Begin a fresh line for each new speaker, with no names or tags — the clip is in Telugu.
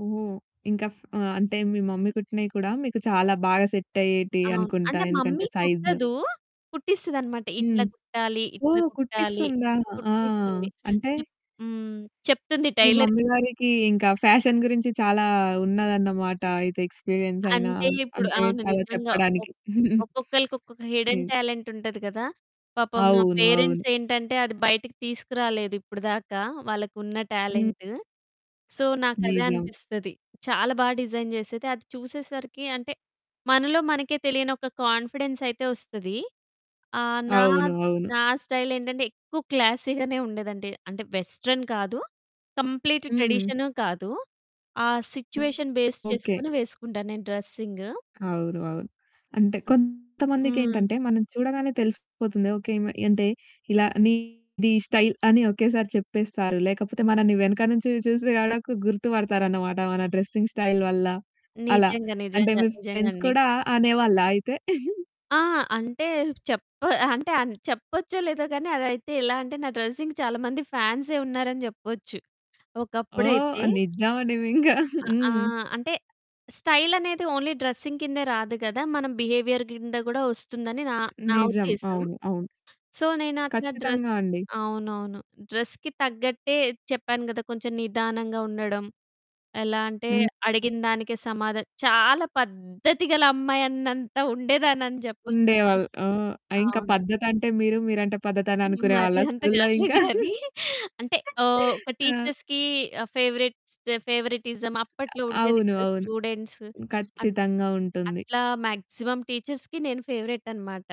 ఓహో! ఇంక ఫ్ ఆహ్, అంటే మీ మమ్మీ కుట్టినవి కూడా మీకు చాలా బాగా సెట్ అయ్యేటియి
అవును.
అనుకుంటా
అంటే
ఎందుకంటే
మమ్మీ
సైజు‌లు.
కుట్టదు, కుట్టిస్తది అన్నమాట ఇట్లా
హ్మ్.
కుట్టాలి, ఇట్లా
ఓహ్!
కుట్టాలి,
కుట్టిస్తుందా? ఆ!
కుట్టిస్తుంది
అంటే
అంటే హ్మ్. చెప్తుంది
మీ
టైలర్‌కి.
మమ్మీ గారికి ఇంక ఫ్యాషన్ గురించి చాలా ఉన్నదన్నమాట. అయితే ఎక్స్‌పిరియన్స్ అయినా,
అంటే ఇప్పుడు
అంటే
అవును
అలా
నిజంగా. ఒక
చెప్పడానికి.
ఒక్కొక్కళ్ళకి ఒక్కొక్క హిడెన్
హ్మ్.
టాలెంట్ ఉంటది కదా! పాపం మా
అవును, అవును.
పేరెంట్స్ ఏంటంటే, అది బయటికి తీసుకురాలేదు ఇప్పటిదాకా వాళ్ళకున్న
హ్మ్.
టాలెంటు. సో, నాకు అదే
నిజం.
అనిపిస్తది. చాలా బా డిజైన్ చేసేది, అది చూసేసరికి అంటే మనలో మనకే తెలియని ఒక కొ‌ఇన్ఫిడెన్స్ అయితే ఓస్తది. ఆహ్, నా
అవును అవును.
నా స్టైల్ ఏంటంటే, ఎక్కువ క్లాసీ గనే ఉండేదంటే అంటే వెస్టర్న్ కాదు, కంప్లీట్
హ్మ్.
ట్రెడిషను కాదు. ఆ
హ్మ్.
Situation base
okay.
చేసుకొని వేసుకుంటాను నేను డ్రెసింగు.
అవును అవును. అంటే
హ్మ్.
కొంతమందికేంటంటే మనం చూడగానే తెలిసిపోతుంది ఓకె ఈమె అంటే ఇలా నీది ఈ స్టైల్ అని ఒకేసారి చెప్పేస్తారు. లేకపోతే మనల్ని వెనక నుంచి చూసి గూడకు గుర్తుపడతారు అన్నమాట, మన డ్రెసింగ్ స్టైల్ వల్ల, అలా.
నిజంగా,
అంటే
నిజంగా,
మీ ఫ్రెండ్స్
నిజంగండి.
కూడా అనేవాళ్ళా అయితే?
ఆ! అంటే చెప్ప అంటే అని చెప్పొచ్చో లేదో కానీ అదైతే ఎలా అంటే నా డ్రెసింగ్‌కి చాలామంది ఫ్యాన్సే ఉన్నారని చెప్పొచ్చు. ఒకప్పుడైతే
ఓహ్! నిజమండి మి ఇంకా.
అ ఆ!
హ్మ్.
అంటే స్టైల్ అనేది ఓన్లీ డ్రెసింగ్ కిందే రాదు కదా! మనం బిహేవియర్ కింద కూడా వస్తుందని నా నా
నిజం.
ఉద్దేశం.
అవును అవును.
సో, నేనట్లా డ్రెస్
ఖచ్చితంగా అండి.
అవునవును. డ్రెస్‌కి తగ్గట్టే చెప్పాను కదా! కొంచెం నిదానంగా ఉండడం ఎలా అంటే
హ్మ్.
అడిగినదానికే సమాధ చాలా పద్ధతి గల అమ్మాయి అన్నంత ఉండేదాన్ని అని చెప్పొచ్చండి.
ఉండేవాళ్ళు. ఆ! ఇంక
అవును.
పద్ధతంటే మీరు, మీరంటే పద్ధతి అని అనుకునే
మరి
వాళ్ళ
అంత
స్కూల్‌లో
కాదులే
ఇంకా.
గాని. అంటే ఓహ్! ఒక
ఆ!
టీచర్స్‌కి ఫేవరేట్స్ ఫేవరిటిజం అప్పట్లో
అ
ఉండేది
అవును,
కదా!
అవును.
స్టూడెంట్సు. అట్
ఖచ్చితంగా ఉంటుంది.
అట్లా మాక్సిమం టీచర్స్‌కి నేను ఫేవరేట్ అనమాట.